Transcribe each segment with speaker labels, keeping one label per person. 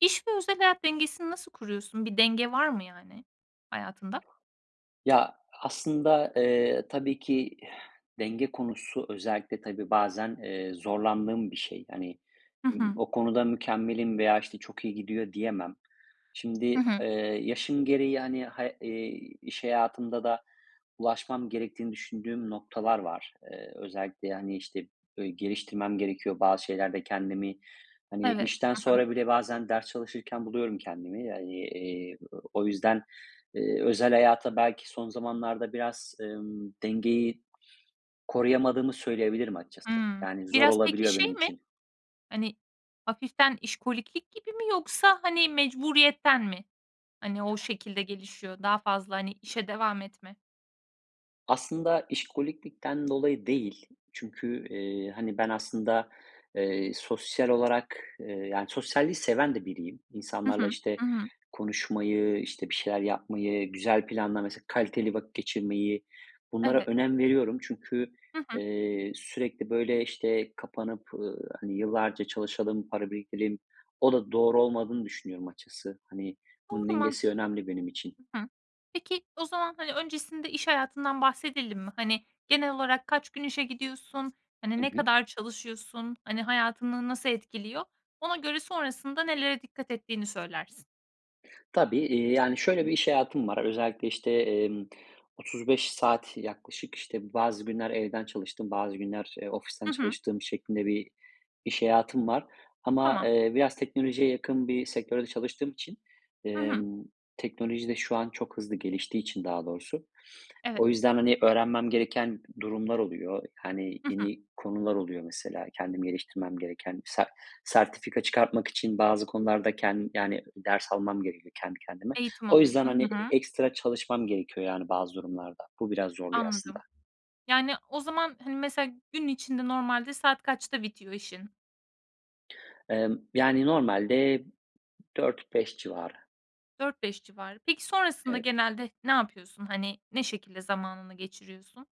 Speaker 1: İş ve özel hayat dengesini nasıl kuruyorsun? Bir denge var mı yani hayatında?
Speaker 2: Ya, aslında, eee, tabii ki denge konusu özellikle, tabii, bazen, eee, zorlandığım bir şey. Hani,
Speaker 1: Hı
Speaker 2: ımm,
Speaker 1: hı.
Speaker 2: o konuda mükemmelim veya, işte, çok iyi gidiyor diyemem.
Speaker 1: Hı
Speaker 2: Şimdi,
Speaker 1: hı.
Speaker 2: eee, yaşım gereği, hani, ha eee, iş hayatımda da ulaşmam gerektiğini düşündüğüm noktalar var. Eee, özellikle, hani, işte, böyle, geliştirmem gerekiyor bazı şeylerde kendimi. Hani,
Speaker 1: Evet,
Speaker 2: işten
Speaker 1: hı hı.
Speaker 2: sonra bile bazen ders çalışırken buluyorum kendimi. Hani, eee, o o yüzden, eee, özel hayata belki son zamanlarda biraz, ımm, dengeyi koruyamadığımı söyleyebilirim açıkçası,
Speaker 1: Hımm,
Speaker 2: yani, zor
Speaker 1: biraz peki
Speaker 2: olabiliyor benim
Speaker 1: şey mi?
Speaker 2: için.
Speaker 1: Hani, hafiften işkoliklik gibi mi yoksa, hani, mecburiyetten mi, hani, o şekilde gelişiyor, daha fazla, hani, işe devam etme?
Speaker 2: Aslında işkoliklikten dolayı değil çünkü, eee, hani, ben aslında, eee, sosyal olarak, eee, yani, sosyalliği seven de biriyim.
Speaker 1: Hı hı.
Speaker 2: İnsanlarla, işte,
Speaker 1: Hı hı.
Speaker 2: konuşmayı, işte, bir şeyler yapmayı, güzel planla mesela, kaliteli vakit geçirmeyi bunlara
Speaker 1: Evet.
Speaker 2: önem veriyorum. Çünkü,
Speaker 1: Hı hı.
Speaker 2: eee, sürekli böyle, işte, kapanıp, ııı, hani, yıllarca çalışalım, para biriktireyim, o da doğru olmadığını düşünüyorum açıkçası, hani, bunun
Speaker 1: Doğru,
Speaker 2: dengesi
Speaker 1: mantıklı.
Speaker 2: önemli benim için.
Speaker 1: Hı hı. Peki, o zaman, hani, öncesinde iş hayatından bahsedelim mi? Hani, genel olarak kaç gün işe gidiyorsun, hani,
Speaker 2: Hı
Speaker 1: ne
Speaker 2: hı.
Speaker 1: kadar çalışıyorsun, hani, hayatını nasıl etkiliyor? Ona göre sonrasında nelere dikkat ettiğini söylersin.
Speaker 2: Tabii, eee, yani,
Speaker 1: Hı
Speaker 2: şöyle
Speaker 1: hı.
Speaker 2: bir iş hayatım var: Özellikle, işte, emm, 35 saat yaklaşık, işte, bazı günler evden çalıştığım, bazı günler, eee, ofisten
Speaker 1: Hı hı.
Speaker 2: çalıştığım şeklinde bir iş hayatım var. Ama,
Speaker 1: Tamam.
Speaker 2: eee, biraz teknolojiye yakın bir sektörde çalıştığım için,
Speaker 1: Hı hı.
Speaker 2: emm, teknoloji de şu an çok hızlı geliştiği için daha doğrusu,
Speaker 1: Evet.
Speaker 2: o yüzden, hani, öğrenmem gereken durumlar oluyor, hani,
Speaker 1: Hı hı.
Speaker 2: yeni konular oluyor mesela kendimi geliştirmem gereken. Se sertifika çıkartmak için bazı konularda kend yani, ders almam gerekiyor kendi kendime.
Speaker 1: Eğitim
Speaker 2: O yüzden,
Speaker 1: alıyorsun,
Speaker 2: hani,
Speaker 1: hı hı.
Speaker 2: ekstra çalışmam gerekiyor yani bazı durumlarda; bu biraz zorluyor aslında.
Speaker 1: Anladım. Yani o zaman, hani, mesela gün içinde normalde saat kaçta bitiyor işin?
Speaker 2: Emm, yani, normalde 4-5 civarı.
Speaker 1: 4-5 civarı. Peki, sonrasında
Speaker 2: Evet.
Speaker 1: genelde ne yapıyorsun? Hani, ne şekilde zamanını geçiriyorsun?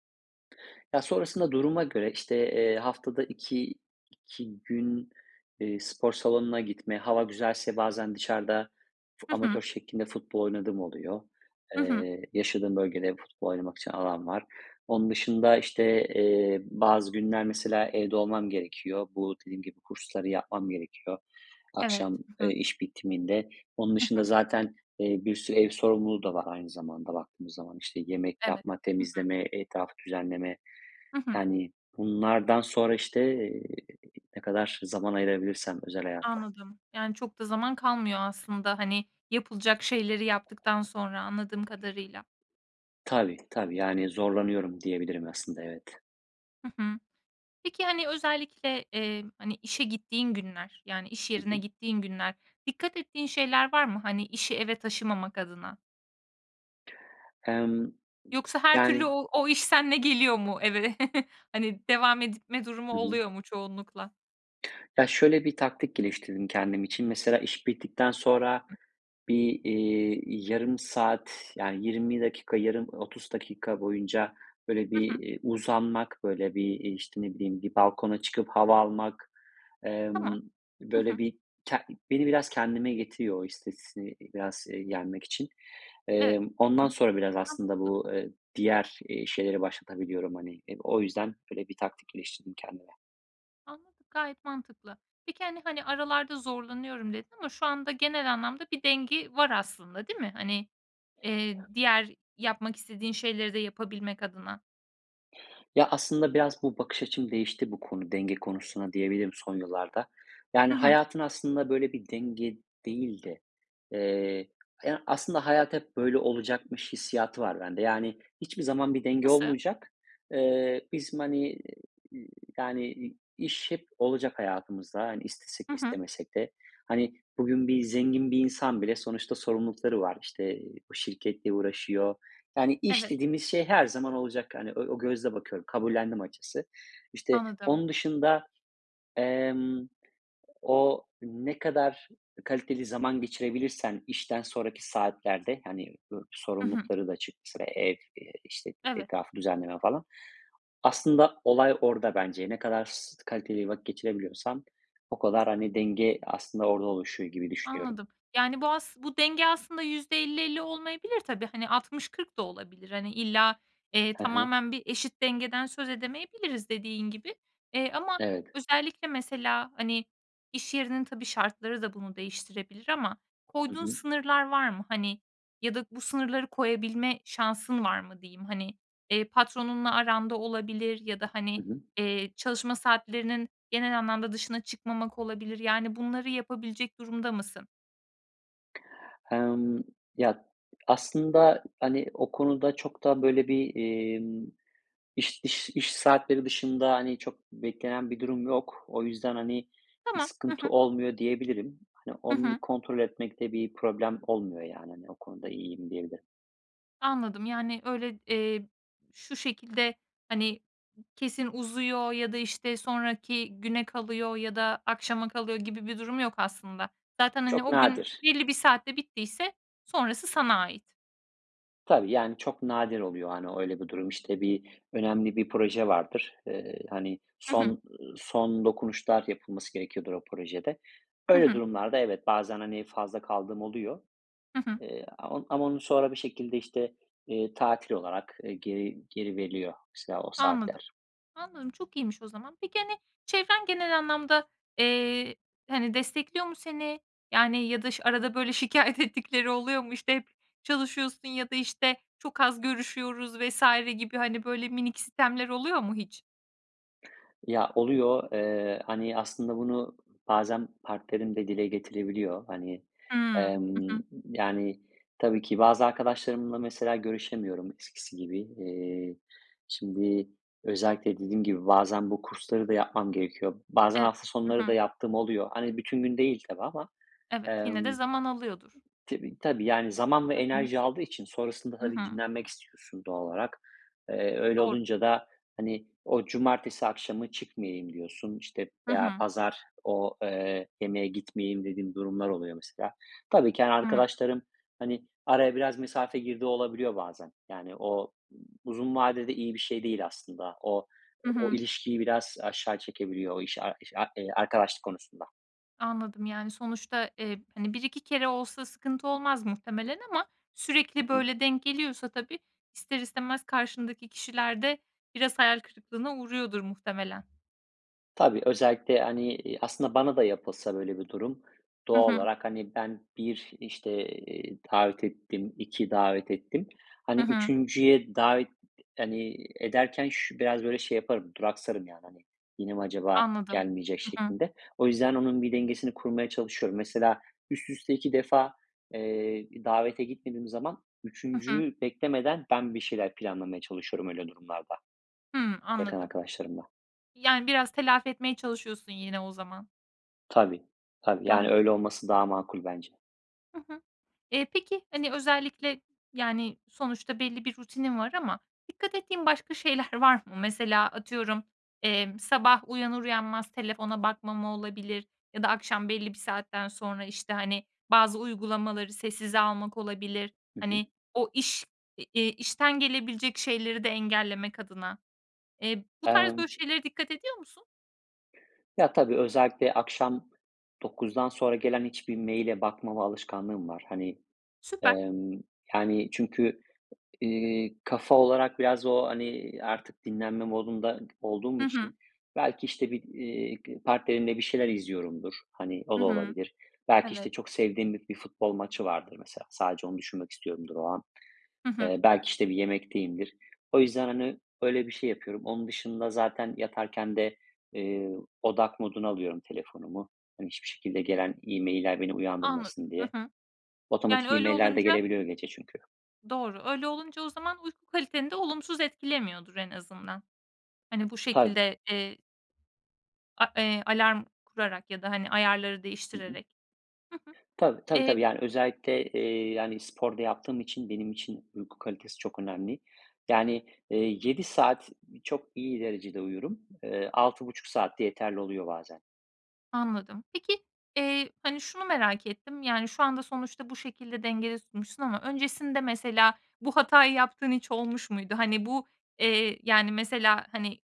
Speaker 2: Ya, sonrasında duruma göre, işte, eee, haftada iki iki gün, eee, spor salonuna gitme, hava güzelse bazen dışarıda fu
Speaker 1: Hı hı.
Speaker 2: amatör şeklinde futbol oynadığım oluyor.
Speaker 1: Hı hı.
Speaker 2: Eee, yaşadığım bölgede futbol oynamak için alan var. Onun dışında, işte, eee, bazı günler, mesela, evde olmam gerekiyor. Bu, dediğim gibi, kursları yapmam gerekiyor.
Speaker 1: Evet.
Speaker 2: Akşam,
Speaker 1: Hı
Speaker 2: eee,
Speaker 1: hı.
Speaker 2: iş bitiminde. Onun
Speaker 1: Hı
Speaker 2: dışında
Speaker 1: hı.
Speaker 2: zaten, eee, bir sürü ev sorumluluğu da var aynı zamanda, baktığımız zaman. İşte, yemek
Speaker 1: Evet.
Speaker 2: yapma,
Speaker 1: Hı hı.
Speaker 2: temizleme, etrafı düzenleme,
Speaker 1: Hı hı.
Speaker 2: yani, bunlardan sonra, işte, eee, ne kadar zaman ayırabilirsem özel hayata.
Speaker 1: Anladım. Yani çok da zaman kalmıyor aslında. Hani, yapılacak şeyleri yaptıktan sonra anladığım kadarıyla.
Speaker 2: Tabii, tabii, yani, zorlanıyorum diyebilirim aslında, evet.
Speaker 1: Hı hı. Peki, hani, özellikle, eee, hani, işe gittiğin günler, yani iş
Speaker 2: Hı
Speaker 1: yerine
Speaker 2: hı.
Speaker 1: gittiğin günler, dikkat ettiğin şeyler var mı? Hani işi eve taşımamak adına?
Speaker 2: Emm.
Speaker 1: Yoksa her türlü
Speaker 2: Yani
Speaker 1: o o iş seninle geliyor mu eve? Hani devam etme durumu
Speaker 2: Hı hı.
Speaker 1: oluyor mu çoğunlukla?
Speaker 2: Ya şöyle bir taktik geliştirdim kendim için: Mesela iş bittikten sonra bir, iii, yarım saat, yani 20 dakika, yarım 30 dakika boyunca böyle bir,
Speaker 1: Hı hı.
Speaker 2: eee, uzanmak, böyle bir, eee, işte, ne bileyim, bir balkona çıkıp hava almak,
Speaker 1: Tamam.
Speaker 2: emm,
Speaker 1: Hı
Speaker 2: böyle
Speaker 1: hı.
Speaker 2: bir ke beni biraz kendime getiriyor, o stresi, biraz, eee, yenmek için.
Speaker 1: Evet.
Speaker 2: Emm,
Speaker 1: Hı
Speaker 2: ondan
Speaker 1: hı.
Speaker 2: sonra biraz aslında
Speaker 1: Mantıklı.
Speaker 2: bu, ııı, diğer, iii, şeyleri başlatabiliyorum, hani. Eee, o yüzden böyle bir taktikleştirdim kendime.
Speaker 1: Anladım. Gayet mantıklı. Peki hani hani aralarda zorlanıyorum dedin ama şu anda genel anlamda bir dengi var aslında, değil mi? Hani, eee, diğer yapmak istediğin şeyleri de yapabilmek adına.
Speaker 2: Ya, aslında biraz bu bakış açım değişti bu konu, denge konusuna diyebilirim son yıllarda. Yani
Speaker 1: Hı hı.
Speaker 2: hayatın aslında böyle bir denge değil de, eee, haya aslında hayat hep böyle olacakmış hissiyatı var bende. Yani hiçbir zaman bir denge
Speaker 1: Nasıl?
Speaker 2: olmayacak. Eee, bizim, hani, y yani, i iş hep olacak hayatımızda. Hani istesek de
Speaker 1: Hı hı.
Speaker 2: istemesek de. Hani, bugün bir zengin bir insan bile sonuçta sorumluluklar var; işte, ııı, şirketle uğraşıyor. Yani iş
Speaker 1: Evet.
Speaker 2: dediğimiz şey her zaman olacak. Hani o o gözle bakıyorum, kabullendim açıkçası. İşte
Speaker 1: Anladım.
Speaker 2: onun dışında, emm, o ne kadar kaliteli zaman geçirebilirsen işten sonraki saatlerde, hani [unintelligible]
Speaker 1: Hı hı.
Speaker 2: sorumlulukları da çık, sıra ev, eee, işte
Speaker 1: Evet.
Speaker 2: etrafı düzenleme falan. Aslında olay orada bence. Ne kadar s kaliteli vakit geçirebiliyorsan o kadar, hani, denge aslında orada oluşuyor gibi düşünüyorum.
Speaker 1: Anladım. Yani bu as bu denge aslında %50-50 olmayabilir tabii. Hani, 60-40 da olabilir. Hani illa, eee,
Speaker 2: Hı hı.
Speaker 1: tamamen bir eşit dengeden söz edemeyebiliriz, dediğin gibi. Eee, ama
Speaker 2: Evet.
Speaker 1: özellikle mesela, hani, iş yerinin, tabii, şartları da bunu değiştirebilir ama
Speaker 2: Hı
Speaker 1: koyduğun
Speaker 2: hı.
Speaker 1: sınırlar var mı hani? Ya da bu sınırları koyabilme şansın var mı diyeyim. Hani, eee, patronunla aranda olabilir ya da, hani,
Speaker 2: Hı hı.
Speaker 1: eee, çalışma saatlerinin genel anlamda dışına çıkmamak olabilir. Yani bunları yapabilecek durumda mısın?
Speaker 2: Emm, ya, aslında, hani, o konuda çok da, böyle bir, emm, iş iş iş saatleri dışında, hani, çok beklenen bir durum yok. O yüzden, hani, bir
Speaker 1: Tamam. H
Speaker 2: sıkıntı
Speaker 1: hı
Speaker 2: olmuyor diyebilirim. Hani,
Speaker 1: Hı
Speaker 2: onu bir
Speaker 1: hı.
Speaker 2: kontrol etmekte bir problem olmuyor yani. Hani, o konuda iyiyim diyebilirim.
Speaker 1: Anladım. Yani öyle, eee, şu şekilde, hani, kesin uzuyor ya da, işte, sonraki güne kalıyor ya da akşama kalıyor gibi bir durum yok aslında. Zaten, hani,
Speaker 2: Çok
Speaker 1: o gün
Speaker 2: nadir.
Speaker 1: belli bir saatte bittiyse sonrası sana ait.
Speaker 2: Tabii yani çok nadir oluyor, hani, öyle bir durum. İşte, bir önemli bir proje vardır. Eee, hani,
Speaker 1: Hı
Speaker 2: son,
Speaker 1: hı.
Speaker 2: ııı, son dokunuşlar yapılması gerekiyordur o projede.
Speaker 1: Hı
Speaker 2: Öyle
Speaker 1: hı.
Speaker 2: durumlarda evet bazen, hani, fazla kaldığım oluyor.
Speaker 1: Hı hı.
Speaker 2: Eee, am ama onu sonra bir şekilde, işte, eee, tatil olarak, eee, geri geri veriliyor mesela o
Speaker 1: Anladım.
Speaker 2: saatler.
Speaker 1: Anladım. Çok iyiymiş o zaman. Peki, hani, çevren genel anlamda, eee, hani, destekliyor mu seni? Yani, ya da ş arada böyle şikâyet ettikleri oluyor mu? İşte, hep çalışıyorsun ya da, işte, çok az görüşüyoruz vs. gibi. Hani, böyle minik sitemler oluyor mu hiç?
Speaker 2: Ya, oluyor. Eee, hani, aslında bunu bazen partnerim de dile getirebiliyor. Hani,
Speaker 1: Hımm. Hı
Speaker 2: emm,
Speaker 1: hı.
Speaker 2: yani, tabii ki bazı arkadaşlarımla, mesela, görüşemiyorum eskisi gibi. Eee, şimdi özellikle, dediğim gibi, bazen bu kursları da yapmam gerekiyor. Bazen
Speaker 1: Evet.
Speaker 2: hafta
Speaker 1: Hı
Speaker 2: sonları da
Speaker 1: hı.
Speaker 2: yaptığım oluyor. Hani, bütün gün değil tabii ama,
Speaker 1: Evet, yine de
Speaker 2: emm,
Speaker 1: zaman alıyordur.
Speaker 2: tibi tabii, yani, zaman ve
Speaker 1: Hı hı.
Speaker 2: enerji aldığı için sonrasında
Speaker 1: Hı
Speaker 2: tabii
Speaker 1: hı.
Speaker 2: dinlenmek istiyorsun doğal olarak. Eee, öyle
Speaker 1: Doğru.
Speaker 2: olunca da, hani, "O cumartesi akşamı çıkmayayım." diyorsun, işte,
Speaker 1: Hı
Speaker 2: ya,
Speaker 1: hı.
Speaker 2: "Pazar, o, eee, yemeğe gitmeyeyim." dediğim durumlar oluyor, mesela. Tabii ki, hani,
Speaker 1: Hıı.
Speaker 2: arkadaşlarım, hani, araya biraz mesafe girdiği olabiliyor bazen. Yani, o uzun vadede iyi bir şey değil aslında. O,
Speaker 1: Hı
Speaker 2: o
Speaker 1: hı.
Speaker 2: ilişkiyi biraz aşağı çekebiliyor, o [unintelligible] eee, arkadaşlık konusunda.
Speaker 1: Anladım. Yani, sonuçta, eee, hani, 1-2 kere olsa sıkıntı olmaz muhtemelen ama
Speaker 2: Hı
Speaker 1: sürekli
Speaker 2: hı.
Speaker 1: böyle denk geliyorsa tabii, ister istemez karşındaki kişiler de biraz hayal kırıklığına uğruyordur muhtemelen.
Speaker 2: Tabii özellikle, hani, iii, aslında bana da yapılsa böyle bir durum,
Speaker 1: Hı
Speaker 2: doğal
Speaker 1: hı.
Speaker 2: olarak, hani, ben 1, işte, eee, davet ettim, 2 davet ettim.
Speaker 1: Hı
Speaker 2: Hani,
Speaker 1: hı.
Speaker 2: 3'üncüye davet, hani, ederken şü biraz böyle şey yaparım, duraksarım, yani, hani, "Yine mi acaba
Speaker 1: Anladım.
Speaker 2: gelmeyecek?"
Speaker 1: Hı hı.
Speaker 2: şeklinde. O yüzden onun bir dengesini kurmaya çalışıyorum. Mesela, üst üste 2 defa, eee, davete gitmediğim zaman
Speaker 1: Hı hı.
Speaker 2: 3'üncüyü beklemeden ben bir şeyler planlamaya çalışıyorum öyle durumlarda
Speaker 1: Hıı.
Speaker 2: yakın
Speaker 1: Anladım.
Speaker 2: arkadaşlarımla.
Speaker 1: Yani, biraz telafi etmeye çalışıyorsun yine o zaman.
Speaker 2: Tabii, tabii, yani
Speaker 1: Anladım.
Speaker 2: öyle olması daha makul bence.
Speaker 1: Hı hı. Eee, peki, hani özellikle yani sonuçta belli bir rutinin var ama dikkat ettiğin başka şeyler var mı? Mesela atıyorum, emm, sabah uyanır uyanmaz telefona bakmama olabilir ya da akşam belli bir saatten sonra, işte, hani bazı uygulamaları sessize almak olabilir
Speaker 2: Hı hı.
Speaker 1: hani o iş, eee, i işten gelebilecek şeyleri de engellemek adına. Eee, bu tarz,
Speaker 2: Emm
Speaker 1: böyle şeylere dikkat ediyor musun?
Speaker 2: Ya tabii, özellikle akşam 21.00'den sonra gelen hiçbir mail'e bakmama alışkanlığım var. Hani,
Speaker 1: Süper.
Speaker 2: emm, yani çünkü, ııı, kafa olarak biraz o, hani, artık dinlenme modunda olduğum
Speaker 1: Hı hı.
Speaker 2: için belki, işte, bir, iii, partnerimle bir şeyler izliyorumdur. Hani o
Speaker 1: Hı
Speaker 2: da
Speaker 1: hı.
Speaker 2: olabilir. Belki, işte,
Speaker 1: Evet.
Speaker 2: çok sevdiğim bir bir futbol maçı vardır mesela. Sadece onu düşünmek istiyorumdur o an.
Speaker 1: Hı hı.
Speaker 2: Eee, belki, işte, bir yemekteyimdir. O yüzden, hani, öyle bir şey yapıyorum. Onun dışında zaten yatarken de, ııı, odak moduna alıyorum telefonumu. Hani hiçbir şekilde gelen e-mailler beni
Speaker 1: Anladım.
Speaker 2: uyandırmasın
Speaker 1: Hı
Speaker 2: diye.
Speaker 1: hı. Yani
Speaker 2: Otomatik
Speaker 1: öyle
Speaker 2: e-mailler de
Speaker 1: olunca
Speaker 2: gelebiliyor gece çünkü.
Speaker 1: Doğru. Öyle olunca o zaman uyku kaliteni de olumsuz etkilemiyordur en azından. Hani bu
Speaker 2: Tabii.
Speaker 1: şekilde, eee A eee, alarm kurarak ya da, hani, ayarları
Speaker 2: Hı hı.
Speaker 1: değiştirerek... Hı hı.
Speaker 2: Tabii. Tabii,
Speaker 1: Eee
Speaker 2: tabii. Yani özellikle, eee, yani spor da yaptığım için benim için uyku kalitesi çok önemli. Yani, eee, 7 saat çok iyi derecede uyurum. Eee, 6,5 saatte yeterli oluyor bazen.
Speaker 1: Anladım. Peki, eee, hani, şunu merak ettim: Yani şu anda sonuçta bu şekilde dengede tutmuşsun ama öncesinde mesela bu hatayı yaptığın hiç olmuş muydu? Hani bu, eee, yani, mesela, hani,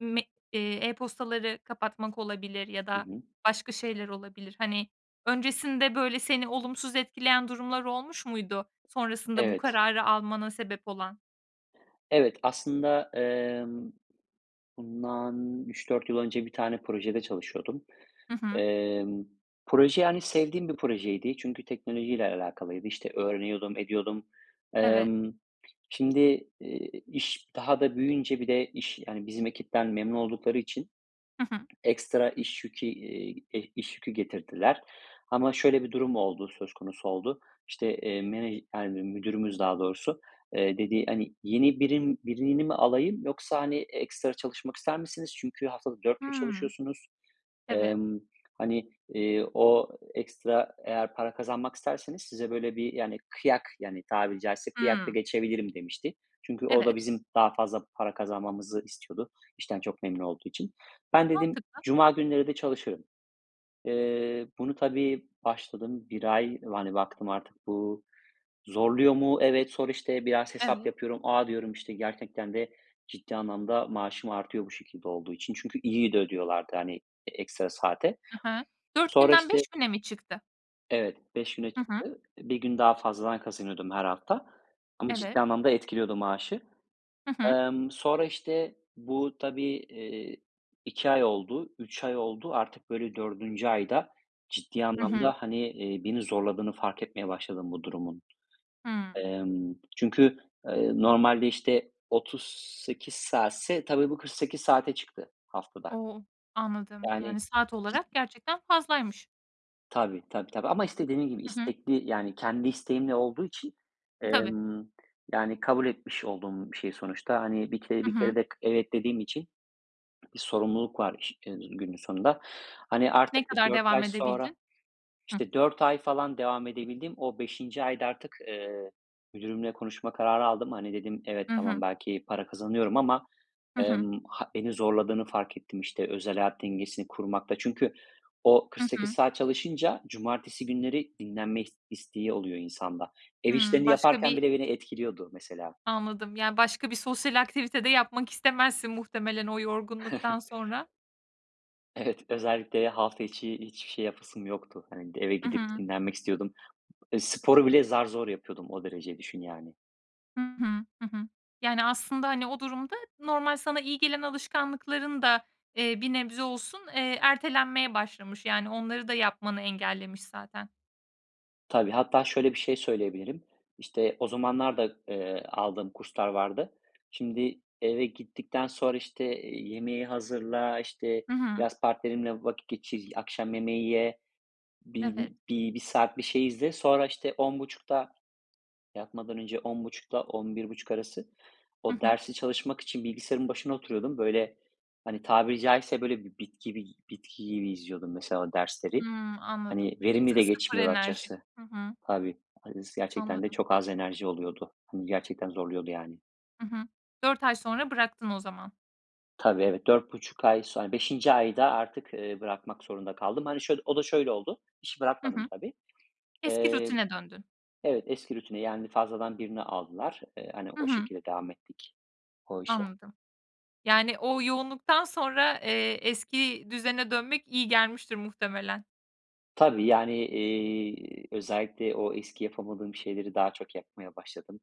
Speaker 1: me eee, e-postaları kapatmak olabilir ya
Speaker 2: Hı
Speaker 1: da
Speaker 2: hı.
Speaker 1: başka şeyler olabilir. Hani, öncesinde böyle seni olumsuz etkileyen durumlar olmuş muydu? Sonrasında bu
Speaker 2: Evet.
Speaker 1: kararı almana sebep olan.
Speaker 2: Evet, aslında, emm, bundan 3-4 yıl önce bir tane projede çalışıyordum.
Speaker 1: Hı hı.
Speaker 2: Emm, proje, yani sevdiğim bir projeydi. Çünkü teknolojiyle alakalıydı. İşte öğreniyordum, ediyordum.
Speaker 1: Evet.
Speaker 2: Emm, şimdi, iii, iş daha da büyüyünce bir de iş, yani bizim ekipten memnun oldukları için
Speaker 1: Hı hı.
Speaker 2: ekstra iş yükü, iii, e iş yükü getirdiler. Ama şöyle bir durum oldu, söz konusu oldu. İşte, eee, menej [unintelligible] müdürümüz daha doğrusu, dediği, hani, yeni birim birini mi alayım yoksa, hani, ekstra çalışmak ister misiniz? Çünkü haftalık 4 gün
Speaker 1: Hımm.
Speaker 2: çalışıyorsunuz.
Speaker 1: Evet.
Speaker 2: Emm, hani, eee, o ekstra eğer para kazanmak isterseniz size böyle bir, yani, kıyak, yani tabiri caizse kıyak da
Speaker 1: Hımm.
Speaker 2: geçebilirim demişti. Çünkü o da
Speaker 1: Evet.
Speaker 2: bizim daha fazla para kazanmamızı istiyordu işten çok memnun olduğu için. Ben dedim
Speaker 1: Mantıklı.
Speaker 2: cuma günleri de çalışırım. Eee, bunu tabii başladım 1 ay. Yani baktım artık bu zorluyor mu? Evet, sonra işte biraz hesap
Speaker 1: Evet.
Speaker 2: yapıyorum. A! diyorum, işte gerçekten de ciddi anlamda maaşım artıyor bu şekilde olduğu için. Çünkü iyi de ödüyorlardı, hani, ekstra saate.
Speaker 1: Hı hı. 4
Speaker 2: Sonra
Speaker 1: günden
Speaker 2: işte
Speaker 1: 5 güne mi çıktı?
Speaker 2: Evet, 5 güne
Speaker 1: Hı hı.
Speaker 2: çıktı. 1 gün daha fazladan kazanıyordum her hafta. Ama
Speaker 1: Evet.
Speaker 2: ciddi anlamda etkiliyordu maaşı.
Speaker 1: Hı hı.
Speaker 2: Emm, sonra, işte, bu tabii, eee, 2 ay oldu, 3 ay oldu. Artık böyle, 4'üncü ayda ciddi
Speaker 1: Hı hı.
Speaker 2: anlamda, hani, eee, beni zorladığını fark etmeye başladım bu durumun.
Speaker 1: Hımm.
Speaker 2: Emm, çünkü, eee, normalde, işte, 38 saatse, tabii bu 48 saate çıktı haftada.
Speaker 1: O! Anladım.
Speaker 2: Yani,
Speaker 1: Yani saat
Speaker 2: cid
Speaker 1: olarak gerçekten fazlaymış.
Speaker 2: Tabii, tabii, tabii ama işte dediğim gibi,
Speaker 1: Hı hı.
Speaker 2: istekli, yani kendi isteğimle olduğu için,
Speaker 1: Tabii.
Speaker 2: emm, yani kabul etmiş olduğum bir şey sonuçta. Hani bir kere,
Speaker 1: Hı
Speaker 2: bir
Speaker 1: hı.
Speaker 2: kere de k evet dediğim için bir sorumluluk var [unintelligible] günün sonunda. Hani
Speaker 1: Ne
Speaker 2: artık bir
Speaker 1: kadar
Speaker 2: 4
Speaker 1: devam
Speaker 2: ay sonra,
Speaker 1: edebildin? Hı.
Speaker 2: işte 4 ay falan devam edebildim. O 5'inci ayda artık, eee, müdürümle konuşma kararı aldım. Hani dedim evet,
Speaker 1: Hı
Speaker 2: tamam,
Speaker 1: hı.
Speaker 2: belki para kazanıyorum ama,
Speaker 1: Hı hı.
Speaker 2: emm, ha beni zorladığını fark ettim, işte özel hayat dengesini kurmakta. Çünkü o
Speaker 1: Hı
Speaker 2: 48
Speaker 1: hı.
Speaker 2: saat çalışınca cumartesi günleri dinlenme is isteği oluyor insanda. Ev
Speaker 1: Hımm.
Speaker 2: işlerini
Speaker 1: Başka
Speaker 2: yaparken
Speaker 1: bir
Speaker 2: bile beni etkiliyordu mesela.
Speaker 1: Anladım. Yani başka bir sosyal aktivite de yapmak istemezsin muhtemelen o yorgunluktan sonra.
Speaker 2: Evet, özellikle de hafta içi hiçbir şey yapasım yoktu. Hani, d eve
Speaker 1: Hı
Speaker 2: gidip
Speaker 1: hı.
Speaker 2: dinlenmek istiyordum. Eee, sporu bile zar zor yapıyordum. O derece düşün yani.
Speaker 1: Hı hı. Hı hı. Yani aslında hani o durumda normal sana iyi gelen alışkanlıkların da, eee, bir nebze olsun, eee, ertelenmeye başlamış. Yani onları da yapmanı engellemiş zaten.
Speaker 2: Tabii, hatta şöyle bir şey söyleyebilirim. İşte o zamanlar da, eee, aldığım kurslar vardı. Şimdi eve gittikten sonra işte, eee, yemeği hazırla, işte
Speaker 1: Hı hı.
Speaker 2: biraz partnerimle vakit geçir, akşam yemeği ye,
Speaker 1: Evet.
Speaker 2: bin bi bir saat bir şey izle. Sonra, işte, 22.30'da yatmadan önce 22.30'da 23.30 arası
Speaker 1: Hı
Speaker 2: o
Speaker 1: hı.
Speaker 2: dersi çalışmak için bilgisayarın başına oturuyordum. Böyle, hani, tabiri caizse böyle bir bit gibi bitki gibi izliyordum mesela dersleri.
Speaker 1: Hımm. Anladım.
Speaker 2: Hani verimli
Speaker 1: Sı
Speaker 2: de
Speaker 1: sıfır
Speaker 2: geçmiyordu
Speaker 1: enerji.
Speaker 2: açıkçası.
Speaker 1: Hı hı.
Speaker 2: Tabii [unintelligible] gerçekten de
Speaker 1: Anladım.
Speaker 2: çok az enerji oluyordu, hımm, gerçekten zorluyordu yani.
Speaker 1: Hı hı, 4 ay sonra bıraktın o zaman.
Speaker 2: Tabii, evet, 4,5 ay sonra 5'inci ayda artık, eee, bırakmak zorunda kaldım. Hani şöyle, o da şöyle oldu: İşi
Speaker 1: Hı
Speaker 2: bırakmadım
Speaker 1: hı.
Speaker 2: tabii;
Speaker 1: Eski
Speaker 2: eee,
Speaker 1: rutine döndün.
Speaker 2: evet, eski rutine, yani fazladan birini aldılar. Eee, hani
Speaker 1: Hı
Speaker 2: o
Speaker 1: hı.
Speaker 2: şekilde devam ettik o işe.
Speaker 1: Anladım. Yani o yoğunluktan sonra, eee, eski düzene dönmek iyi gelmiştir muhtemelen.
Speaker 2: Tabii yani, eee, özellikle o eski yapamadığım şeyleri daha çok yapmaya başladım.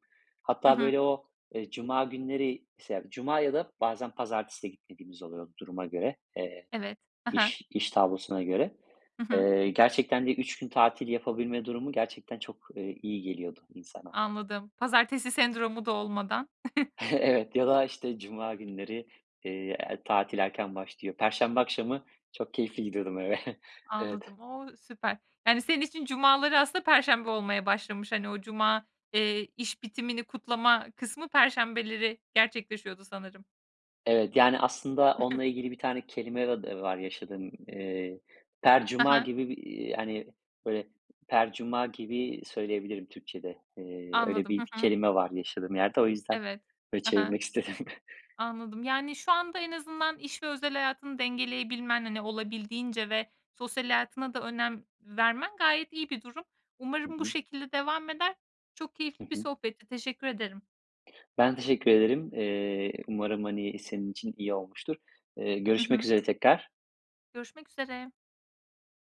Speaker 1: Hı
Speaker 2: Hatta
Speaker 1: hı.
Speaker 2: böyle o, eee, cuma günleri [unintelligible] cuma ya da bazen pazartesi gitmediğimiz oluyordu duruma göre, eee,
Speaker 1: Evet hı hı.
Speaker 2: iş iş tablosuna göre.
Speaker 1: Hı hı.
Speaker 2: Eee, gerçekten de 3 gün tatil yapabilme durumu gerçekten çok, eee, iyi geliyordu insana.
Speaker 1: Anladım. Pazartesi sendromu da olmadan.
Speaker 2: Evet ya da işte cuma günleri, eee, er tatil erken başlıyor. Perşembe akşamı çok keyifli gidiyordum eve. Evet.
Speaker 1: Anladım. O! Süper. Yani senin için cumaları aslında perşembe olmaya başlamış. Hani o cuma, eee, iş bitimini kutlama kısmı perşembeleri gerçekleşiyordu sanırım.
Speaker 2: Evet. Yani aslında onunla ilgili bir tane kelime [unintelligible] var yaşadığım, eee,
Speaker 1: Hı
Speaker 2: "percuma"
Speaker 1: hı.
Speaker 2: gibi bir, eee, hani, böyle, "percuma" gibi söyleyebilirim Türkçede. Eee, öyle
Speaker 1: Anladım,
Speaker 2: bir
Speaker 1: hı hı.
Speaker 2: kelime var yaşadığım yerde, o yüzden
Speaker 1: Evet.
Speaker 2: böyle
Speaker 1: Hı hı.
Speaker 2: çevirmek istedim.
Speaker 1: Anladım. Yani şu anda en azından iş ve özel hayatını dengeleyebilmen hani olabildiğince ve sosyal hayatına da önem vermen gayet iyi bir durum.
Speaker 2: Hı
Speaker 1: Umarım bu
Speaker 2: hı.
Speaker 1: şekilde devam eder. Çok
Speaker 2: Hı
Speaker 1: keyifli bir
Speaker 2: hı.
Speaker 1: sohbetti. Teşekkür ederim.
Speaker 2: Ben teşekkür ederim. Eee, umarım hani senin için iyi olmuştur. Eee,
Speaker 1: Hı hı.
Speaker 2: görüşmek üzere tekrar.
Speaker 1: Görüşmek üzere.